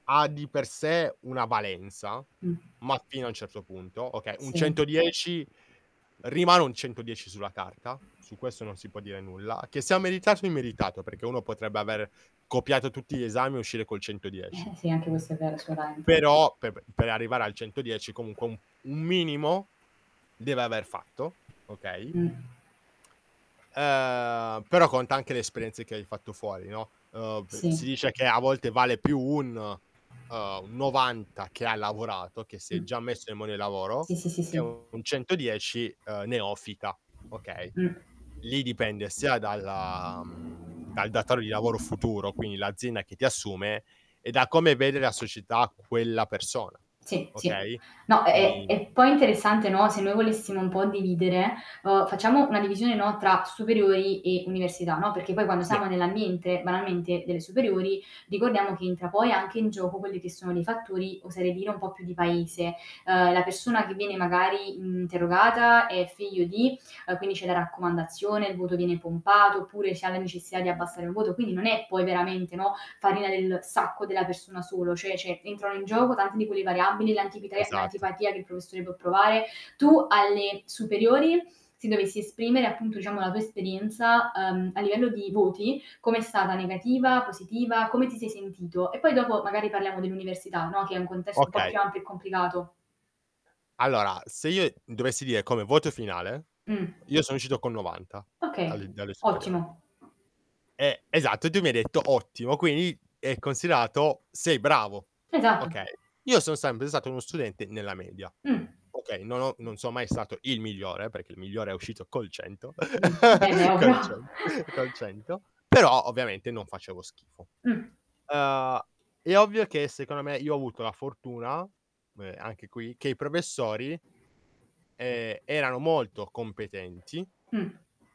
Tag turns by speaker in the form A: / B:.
A: Ha di per sé una valenza,
B: Mh.
A: ma fino a un certo punto. Okay un
B: Sì.
A: 110 rimane un 110 sulla carta, su questo non si può dire nulla, che sia meritato o immeritato, perché uno potrebbe aver copiato tutti gli esami e uscire col 110.
B: Eh, eh, sì, anche questo è vero, sicuramente.
A: Però, pe pe per arrivare al 110 comunque un un minimo deve aver fatto, okay?
B: Mh.
A: Ehm, però conta anche le esperienze che hai fatto fuori, no, uhm, p
B: Sì.
A: si dice che a volte vale più un uhm, un 90 che ha lavorato, che si è
B: Mh.
A: già messo in mondo del lavoro,
B: Sì, sì, sì,
A: che
B: sì.
A: un 110, uhm, neofita, okay.
B: Mh.
A: Lì dipende sia dalla mhmm, dal datore di lavoro futuro, quindi l'azienda che ti assume, e da come vede la società quella persona.
B: Sì, sì.
A: Okay?
B: No è è
A: Quindi
B: è poi interessante, no, se noi volessimo un po' dividere, uhm, facciamo una divisione, no, tra superiori e università, no, perché poi quando
A: Sì.
B: siamo nell'ambiente, banalmente, delle superiori ricordiamo che entra poi anche in gioco quelli che sono dei fattori, oserei dire un po' più di paese. Ehm, la persona che viene magari interrogata è figlio di, uhm, quindi c'è la raccomandazione, il voto viene pompato, oppure si ha la necessità di abbassare il voto. Quindi non è poi veramente, no, farina del sacco della persona solo cioè cioè entrano in gioco tante di quelle variabili, l'antipitre
A: Esatto.
B: l'antipatia che il professore può provare, tu alle superiori se dovessi esprimere, appunto, diciamo, la tua esperienza, uhm, a livello di voti com'è stata negativa, positiva, come ti sei sentito? E poi dopo magari parliamo dell'università, no, che è un contesto un po'
A: Okay.
B: più ampio e complicato.
A: Allora, se io dovessi dire come voto finale,
B: Mh.
A: io sono uscito con 90
B: Okay,
A: alle dalle superiori.
B: ottimo.
A: E esatto, e tu mi hai detto: "Ottimo." Quindi è considerato: "Sei bravo."
B: Esatto.
A: Okay. Io sono sempre stato uno studente nella media.
B: Mh.
A: Okay, non ho non sono mai stato il migliore, perché il migliore è uscito col 100.
B: Mh. Beh beh, ovvio.
A: col cen col 100. Però ovviamente non facevo schifo.
B: Mh.
A: Uhm, è ovvio che, secondo me, io ho avuto la fortuna me anche qui che i professori, ehm, erano molto competenti
B: Mh.